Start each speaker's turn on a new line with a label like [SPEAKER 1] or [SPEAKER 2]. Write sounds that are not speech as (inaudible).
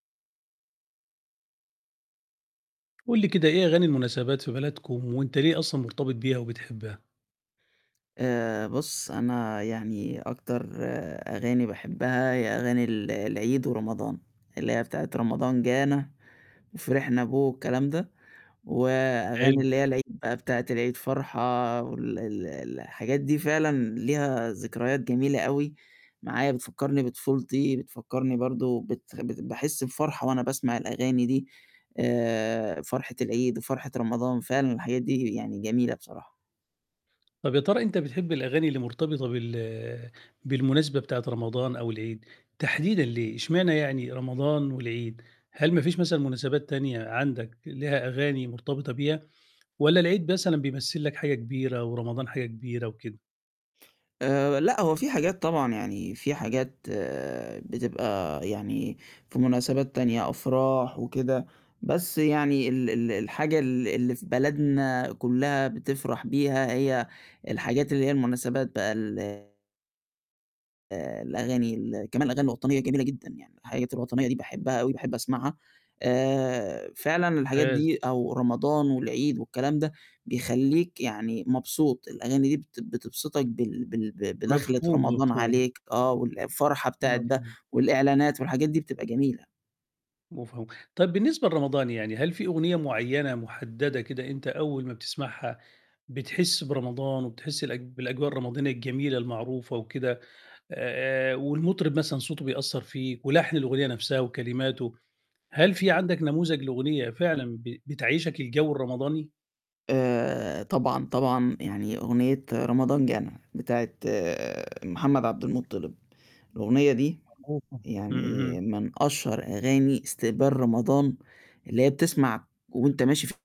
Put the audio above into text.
[SPEAKER 1] قُل لي كده إيه أغاني المناسبات في بلدكم وأنت ليه أصلًا مرتبط بيها وبتحبها؟
[SPEAKER 2] آآ بُصّ، أنا يعني أكتر أغاني باحبها هي أغاني ال العيد ورمضان، اللي هي بتاعة رمضان جانا وفرحنا به والكلام ده، وأغاني
[SPEAKER 1] حلو.
[SPEAKER 2] اللي هي العيد بتاعة العيد فرحة وال ال الحاجات دي فعلًا ليها ذكريات جميلة أوي معايا؛ بتفكّرني بطفولتي، بتفكّرني برضه بت باحس بفرحة وأنا باسمع الأغاني دي، آآ فرحة العيد وفرحة رمضان فعلًا الحاجات دي يعني جميلة بصراحة.
[SPEAKER 1] طَب يا ترى أنت بتحب الأغاني اللي مرتبطة بال بالمناسبة بتاعة رمضان أو العيد تحديدًا ليه، اشمعنى يعني رمضان والعيد، هل ما فيش مثلًا مناسبات تانية عندك لها أغاني مرتبطة بيها، والّا العيد مثلًا بيمثّل لك حاجة كبيرة ورمضان حاجة كبيرة وكده؟
[SPEAKER 2] آآ لأ، هو في حاجات طبعًا، يعني في حاجات بتبقى يعني في مناسبات تانية أفراح وكده، بس يعني ال ال الحاجة ال اللي في بلدنا كُلها بتفرح بيها هي الحاجات اللي هي المناسبات بقى ال آآ الأغاني ال كمان الأغاني الوطنية جميلة جدًا يعني، الحاجات الوطنية دي باحبها أوي باحب أسمعها. آآ فعلًا الحاجات
[SPEAKER 1] ممتاز.
[SPEAKER 2] دي أو رمضان والعيد والكلام ده بيخلّيك يعني مبسوط، الأغاني دي بت بتبسطك بال بال ب بدخَّلة
[SPEAKER 1] مفهوم،
[SPEAKER 2] رمضان
[SPEAKER 1] مفهوم.
[SPEAKER 2] عليك آه، والفرحة بتاعة ده
[SPEAKER 1] مفهوم.
[SPEAKER 2] والإعلانات والحاجات دي بتبقى جميلة.
[SPEAKER 1] مفهوم، طيب بالنسبة لرمضان، يعني هل في أغنية مُعينة مُحددة كده أنت أول ما بتسمعها بتحسّ برمضان وبتحسّ الأج بالأجواء الرمضانية الجميلة المعروفة وكده، آآ والمطرب مثلًا صوته بيأثّر فيك ولحن الأغنية نفْسها وكلماته، هل في عندك نموذج لأغنية فعلًا ب بتعيّشك الجو الرمضاني؟
[SPEAKER 2] آآ طبعًا، طبعًا، يعني أغنية رمضان جانا بتاعة محمد عبد المُطِّلب، الأغنية دي
[SPEAKER 1] (unintelligible) إمم،
[SPEAKER 2] يعني
[SPEAKER 1] اهم.
[SPEAKER 2] من أشهر أغاني استقبال رمضان اللي هي بتسمع وأنت ماشي ف